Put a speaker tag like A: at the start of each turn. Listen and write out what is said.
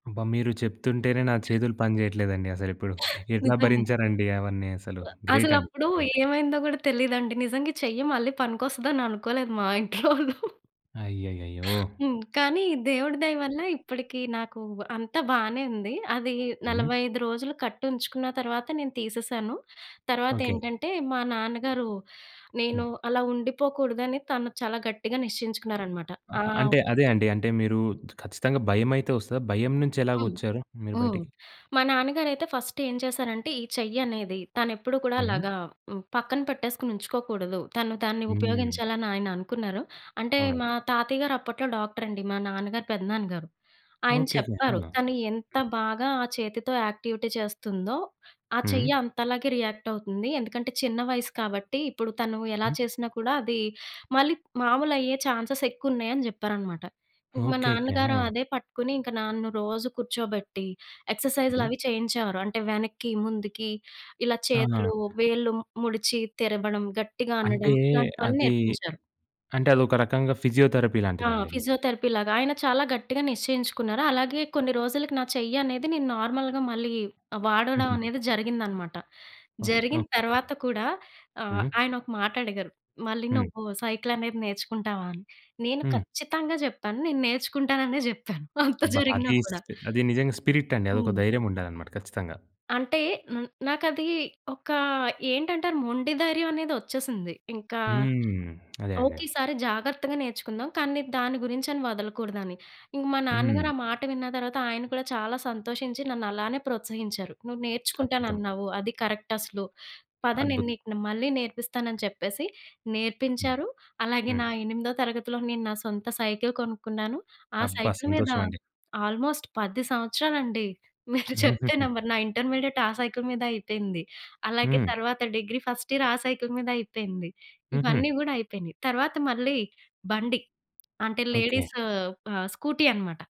A: అబ్బా! మీరు చెప్తుంటేనే నా చేతులు పనిజేయట్లేదండి అసలిప్పుడు. ఎట్లా
B: నిజమె.
A: భరించారండి అవన్నీ అసలు.
B: సొ
A: గ్రేట్ అండి. చాలా
B: అసలప్పుడు
A: గ్రేట్.
B: ఏమైందో కూడా తెలియదండి. నిజంగా ఈ చెయ్యి మళ్ళీ పనికొస్తదని అనుకోలేదు మా ఇంట్లోళ్ళు.
A: అయ్యయ్యయ్యో!
B: హ్మ్. కానీ దేవుడి దయ వల్ల ఇప్పటికి నాకు అంత బానే ఉంది. అది
A: హ్మ్.
B: 45 రోజులు కట్టుంచుకున్న తరువాత నేను తీసేశాను.
A: ఓకె.
B: తర్వాతేంటంటే మా నాన్నగారు
A: హ్మ్.
B: నేను అలా ఉండిపోకూడదని తను చాలా గట్టిగా నిశ్చయించుకున్నారనమాట. ఆ!
A: ఆహా! అంటే అదే అండి. అంటే మీరు ఖచ్చితంగా భయమైతే వస్తదా? భయం నుంచి
B: హ్మ్.
A: ఎలాగొచ్చారు మీరు
B: హ్మ్.
A: బయటికి?
B: మా నాన్నగారయితే ఫస్ట్ ఏం చేశారంటే ఈ చెయ్యనేది తనెప్పుడు కూడా
A: హ్మ్.
B: అలాగా హ్మ్, పక్కన పెట్టేసుకొని ఉంచుకోకూడదు. తన్ను తాన్ని
A: హ్మ్.
B: ఉపయోగించాలని ఆయన అనుకున్నారు. అంటే
A: అవునండి.
B: మా తాతయ్య గారు అప్పట్లో డాక్టర్ అండి. మా నాన్నగారి, పెద్దనాన్న గారు. ఆయన
A: ఓకెకె. ఆ!
B: చెప్పారు. తను ఎంత
A: హ్మ్.
B: బాగా ఆ చేతితో యాక్టివిటీ చేస్తుందో, ఆ
A: హ్మ్.
B: చెయ్య అంతలాగే రియాక్ట్ అవుతుంది. ఎందుకంటే చిన్న వయసు కాబట్టి ఇప్పుడు తను ఎలా
A: హ్మ్.
B: చేసినా కూడా అది మళ్ళీ మామూలయ్యే చాన్సే‌స్ ఎక్కువున్నయి అని చెప్పారనమాట. ఇంకా మా
A: ఓకెకె.
B: నాన్నగారు
A: ఆ!
B: అదే పట్టుకొని, ఇంకా నాన్ను రోజు కూర్చోబెట్టి
A: హ్మ్.
B: ఎక్సర్‌సైజులవి చేయించేవారు. అంటే వెనక్కి, ముందుకి, ఇలా చేతులు,
A: ఆ!
B: వేళ్ళు, ము ముడిచి తిరబడం గట్టిగా
A: అంటే
B: అనడం. ఇలాంటివన్నీ
A: అది,
B: నేర్పించారు.
A: అంటే అదొక రకంగా ఫిజియోథెరపీ
B: ఆ!
A: లాంటిదండి మీది.
B: ఫిజియోథెరపీ లాగా. ఆయన చాలా గట్టిగా నిశ్చయించుకున్నారు. అలాగే కొన్ని రోజులకి నా చెయ్యనేది నేను నార్మల్‌గా మళ్ళీ ఆహ్, వాడడం
A: హుహు.
B: అనేది జరిగిందనమాట.
A: ఓకె.
B: జరిగిన
A: ఓకె.
B: తర్వాత కూడా ఆహ్,
A: హ్మ్.
B: ఆయనొక మాటడిగారు. మళ్ళీ
A: హ్మ్.
B: నువ్వు సైకిల‌నేది నేర్చుకుంటావా అని? నేను
A: హ్మ్.
B: ఖచ్చితంగా జెప్పాను నేను నేర్చుకుంటాననే జెప్పాను అంత
A: అబ్బ!
B: జరిగినా
A: అది
B: కూడా.
A: స్పీ అది నిజంగా స్పిరిట్ అండి. అదొక
B: హ్మ్.
A: ధైర్యం ఉండాలనమాట ఖచ్చితంగా.
B: అంటే హ్మ్, నాకది ఒక ఏంటంటారు మొండి ధైర్యం అనేది వచ్చేసింది. ఇంకా,
A: హ్మ్. అదే అండి.
B: ఓకె ఈ సారి జాగ్రత్తగా నేర్చుకుందాం. కానీ నేను దాని గురించని వదలకూడదని. ఇంక మా నాన్నగారు
A: హ్మ్.
B: ఆ మాట విన్న తర్వాత ఆయన కూడా చాలా సంతోషించి నన్నలానే ప్రోత్సహించారు. "నువ్వు
A: అద్భుతం.
B: నేర్చుకుంటానన్నావు అది కరెక్ట్ అసలు. పద నేను
A: అద్భుత్
B: నీకునే మళ్ళీ నేర్పిస్తానని" చెప్పేసి నేర్పించారు. అలాగే
A: హ్మ్.
B: నా ఎనిమిదో తరగతిలో నేను నా సొంత సైకిల్ కొనుక్కున్నాను. ఆ
A: అబ్బా!
B: సైకిల్ మీద
A: సంతోషం అండి.
B: ఆల్‌మోస్ట్ 10 సంవత్సరాలండి, మీరు చెప్తే
A: హుహుహు.
B: నమ్మరు, నా ఇంటర్మీడియేట్ ఆ సైకిల్ మీదే అయిపోయింది. అలాగే
A: హ్మ్.
B: తర్వాత డిగ్రీ ఫస్ట్ ఇయర్ ఆ సైకిల్ మీదే అయిపోయింది.
A: హుహు.
B: ఇవన్నీ గూడా అయిపోయినయి. తర్వాత మళ్ళీ, బండి. అంటే
A: ఓకె.
B: లేడీస్ ఆహ్, స్కూటీ అనమాట.